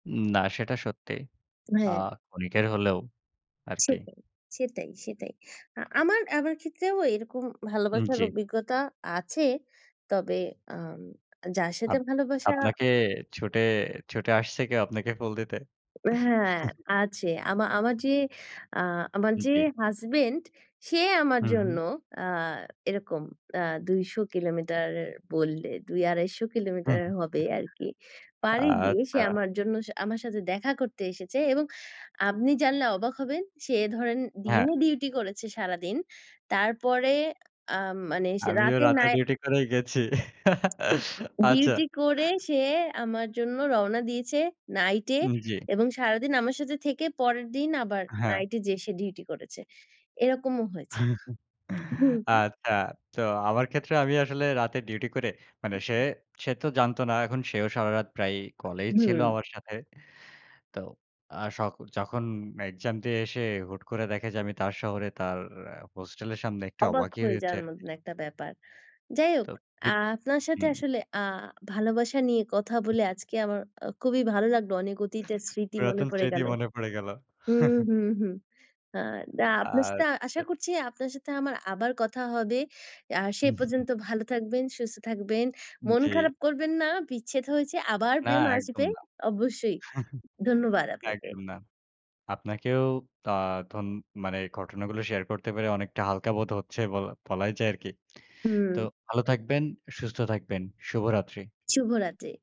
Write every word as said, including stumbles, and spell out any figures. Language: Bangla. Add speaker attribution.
Speaker 1: উম না সেটা সত্যি। আ
Speaker 2: হ্যাঁ।
Speaker 1: ক্ষণিকের হলেও আরকি।
Speaker 2: সেটাই, সেটাই, সেটাই। আ আমার আমার ক্ষেত্রেও এরকম
Speaker 1: উম,
Speaker 2: ভালোবাসার
Speaker 1: জি।
Speaker 2: অভিজ্ঞতা আছে। তবে আম যার সাথে
Speaker 1: আপ
Speaker 2: ভালোবাসা।
Speaker 1: আপনাকে ছুটে ছুটে আসছে কেউ আপনাকে ফুল দিতে?
Speaker 2: ও হ্যাঁ, আছে। আমা আমার যে, আ আমার
Speaker 1: উ,
Speaker 2: যে
Speaker 1: জি।
Speaker 2: হাসব্যান্ড, সে আমার
Speaker 1: হু, হু।
Speaker 2: জন্য আ এরকম আ দুইশ কিলোমিটার বললে দুই-আড়াইশো
Speaker 1: হু,
Speaker 2: কিলোমিটার হবে
Speaker 1: হুম।
Speaker 2: আরকি, পাড়ি দিয়ে সে
Speaker 1: আচ্ছা।
Speaker 2: আমার জন্য, আমার সাথে দেখা করতে এসেছে। এবং আপনি জানলে অবাক হবেন, সে ধরেন
Speaker 1: হ্যাঁ।
Speaker 2: দিনে ডিউটি করেছে সারাদিন। তারপরে আ মানে সে
Speaker 1: আমিও
Speaker 2: রাতে
Speaker 1: রাতে
Speaker 2: নাই
Speaker 1: ডিউটি করেই গেছি। আচ্ছা।
Speaker 2: ডিউটি করে সে আমার জন্য রওনা দিয়েছে নাইটে।
Speaker 1: উম, জি।
Speaker 2: এবং সারাদিন আমার সাথে থেকে, পরের দিন আবার
Speaker 1: হ্যাঁ।
Speaker 2: নাইটে যেয়ে সে ডিউটি করেছে। এরকমও হয়েছে। [unintelligible]
Speaker 1: আচ্ছা। তো আমার ক্ষেত্রে, আমি আসলে রাতে ডিউটি করে মানে সে সে তো জানতো না। এখন সেও সারারাত প্রায় কলেই ছিল
Speaker 2: হুম।
Speaker 1: আমার সাথে। তো, আ স যখন এক্সাম দিয়ে এসে হুট করে দেখে যে আমি তার শহরে তার হোস্টেলের সামনে একটু
Speaker 2: অবাক
Speaker 1: অবাকই
Speaker 2: হয়ে
Speaker 1: হয়েছে
Speaker 2: যাওয়ার
Speaker 1: আরকি।
Speaker 2: মতন একটা ব্যাপার। যাই হোক,
Speaker 1: তো।
Speaker 2: আ
Speaker 1: বিপ
Speaker 2: আপনার সাথে
Speaker 1: হুম।
Speaker 2: আসলে আ ভালোবাসা নিয়ে কথা বলে আজকে আমার আ খুবই ভালো লাগলো। অনেক অতীতের স্মৃতি মনে
Speaker 1: পুরাতন
Speaker 2: পড়ে
Speaker 1: স্মৃতি
Speaker 2: গেল
Speaker 1: মনে পড়ে গেল।
Speaker 2: হুম, হুম, হুম। আ না আপনার সাথে আশা
Speaker 1: আচ্ছা।
Speaker 2: করছি, আপনার সাথে আমার আবার কথা হবে। আ সে পর্যন্ত ভালো থাকবেন, সুস্থ থাকবেন। মন
Speaker 1: জি।
Speaker 2: খারাপ করবেন না, বিচ্ছেদ হয়েছে "আবার
Speaker 1: না,
Speaker 2: প্রেম
Speaker 1: একদম
Speaker 2: আসবে।"
Speaker 1: না
Speaker 2: অবশ্যই। ধন্যবাদ আপনাকে।
Speaker 1: একদম না আপনাকেও আ ধোন মানে ঘটনাগুলো শেয়ার করতে পারে, অনেকটা হালকা বোধ হচ্ছে বল বলাই যায় আরকি।
Speaker 2: হুম।
Speaker 1: তো ভালো থাকবেন, সুস্থ থাকবেন। শুভরাত্রি।
Speaker 2: শুভরাত্রি।